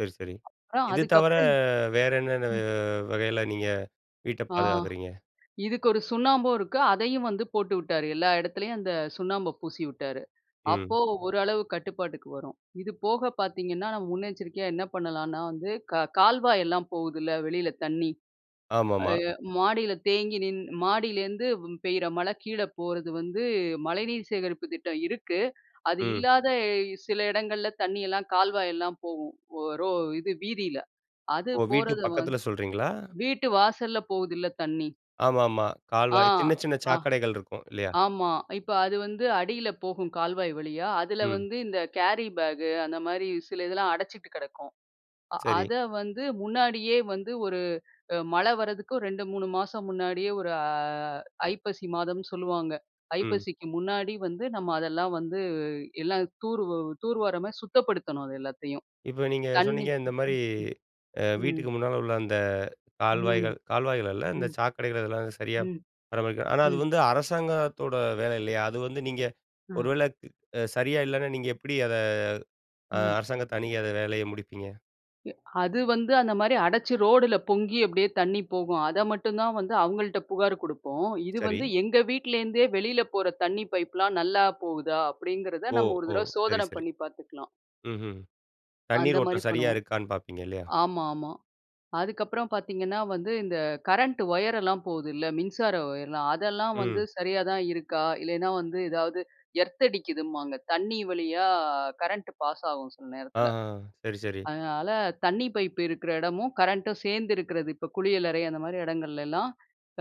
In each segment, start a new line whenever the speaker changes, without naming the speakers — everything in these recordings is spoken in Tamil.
சரி, சரி.
அப்பறம்
இது
அதுக்கு
தவர
அப்புறம்,
வேற என்னென்ன அ
ம்.
வ வகையில நீங்க வீட்ட
ஆ,
பாதுகாக்குறீங்க?
இதுக்கு ஒரு சுண்ணாம்பு இருக்கு. அதையும் வந்து போட்டுவிட்டாரு. எல்லா இடத்துலயும் அந்த சுண்ணாம்பு பூசிவிட்டாரு.அப்போ
ம்.
ஓரளவு கட்டுப்பாட்டுக்கு வரும். இது போக பார்த்தீங்கன்னா, நம்ம முன்னெச்சரிக்கையா என்ன பண்ணலான்னா வந்து க கால்வாய் எல்லாம் போகுதுல்ல வெளில தண்ணீ,
ஆமா,
அ
ஆமா.
எ மாடில தேங்கி நின்னு மாடியிலேருந்து பெய்யிற மழ கீழ போறது வந்து மழைநீர் சேகரிப்பு திட்டம் இருக்கு. அது
ம்.
இல்லாத சில இடங்கள்ல தண்ணீயெல்லாம் கால்வாய் எல்லாம் போகும். ஒ ரோ இது வீதியில. அது
ஓ! வீட்டு
போறது வந்
பக்கத்தில சொல்றீங்களா?
வீட்டு வாசல்ல போகுதுல்ல தண்ணீ.
ஆமா, ஆமா.
ஆ,
கால்வாய் சின்ன, சின்ன
ஆ,
சாக்கடைகள் இருக்கும் இல்லயா!
ஆமா. இப்போ அது வந்து அடியில போகும் கால்வாய் வழியா. அதில
ம்.
வந்து இந்த கேரி பேக் அந்தமாரி சில இதெல்லாம் அடச்சிட்டு கிடக்கும். அ
சரி.
அத வந்து முன்னாடியே வந்து ஒரு அ மழ வர்றதுக்கு 2, 3 மாசம் முன்னாடியே ஒரு அ ஐப்பசி மாதம்ன்னு சொல்லுவாங்க.
ம்.
ஐப்பசிக்கு முன்னாடி வந்து நம்ம அதெல்லாம் வந்து எல்லாம் தூர் தூர்வாரமாரி சுத்தப்படுத்தணும். அது எல்லாத்தையும்.
இப்போ நீங்க
தண்ணீ
சொன்னீங்க. இந்தமாரி
[unintelligible]
அ
ம்
வீட்டுக்கு முன்னால உள்ள அந்த
ம்,
கால்வாய்கள், கால்வாய்கள் அல்ல. இந்த
ம்.
சாக்கடைகள் இதெல்லாம் சரியா
ம்,
பராமரிக்க ஆனா அது
ம்.
வந்து அரசாங்கத்தோட வேலை இல்லயா! அது வந்து நீங்க
ஆ.
ஒருவேளை அ சரியா இல்லன்னா நீங்க எப்பிடி அத அ
ம்.
அரசாங்கத்த அணுகி அத வேலைய முடிப்பீங்க?
அது வந்து அந்தமாரி அடச்சு ரோடுல பொங்கி அப்பிடியே தண்ணீ போகும். அத மட்டும் தான் வந்து அவுங்கள்ட்ட புகார் கொடுப்போம். இது
சரி
வந்து எங்க வீட்ல இருந்தே வெளில போற தண்ணீ பைப் எல்லாம் நல்லா போகுதா! அப்பிடிங்கிறத
ஓ!
நம்ம ஒரு
ஓ!
தடவ
சரி,
சோதன
சரி.
பண்ணி பாத்துக்கலாம்.
ம்ஹ்ம். தண்ணீர்
அந்தமாரி
ஓட்டம் சரியா
பண்ணுவோம்.
இருக்கான்னு பார்ப்பீங்க இல்லயா!
ஆமா, ஆமா. அதுக்கப்புறம் பார்த்தீங்கன்னா வந்து இந்த கரண்ட் ஒயர்லாம் போகுதுல்ல. மின்சார ஒயர்லாம், அதெல்லாம் வந்து
ம்.
சரியா தான் இருக்கா? இல்லன்னா வந்து ஏதாவது எர்த் அடிக்குதும்பாங்க. தண்ணீ வழியா கரண்ட் பாஸ் ஆவும் சில
ஆ,
நேரத்துல.
ஆ. சரி, சரி.
அதனால தண்ணீ பைப்பு இருக்கிற இடமும் கரண்ட்டும் சேர்ந்து இருக்கிறது. இப்போ குளியலறை அந்தமாரி இடங்கள்ல எல்லாம்,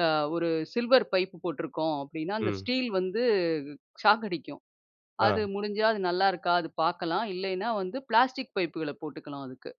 அ ஒரு சில்வர் பைப்பு போட்டிருக்கோம். அப்பிடின்னா அந்த
ம்.
ஸ்டீல் வந்து ஷாக் அடிக்கும். அது
ஆ
முடிஞ்சா அது நல்லாயிருக்கா! அது பார்க்கலாம் இல்லயின்னா வந்து பிளாஸ்டிக் பைப்புகள போட்டுக்கலாம். அதுக்கு.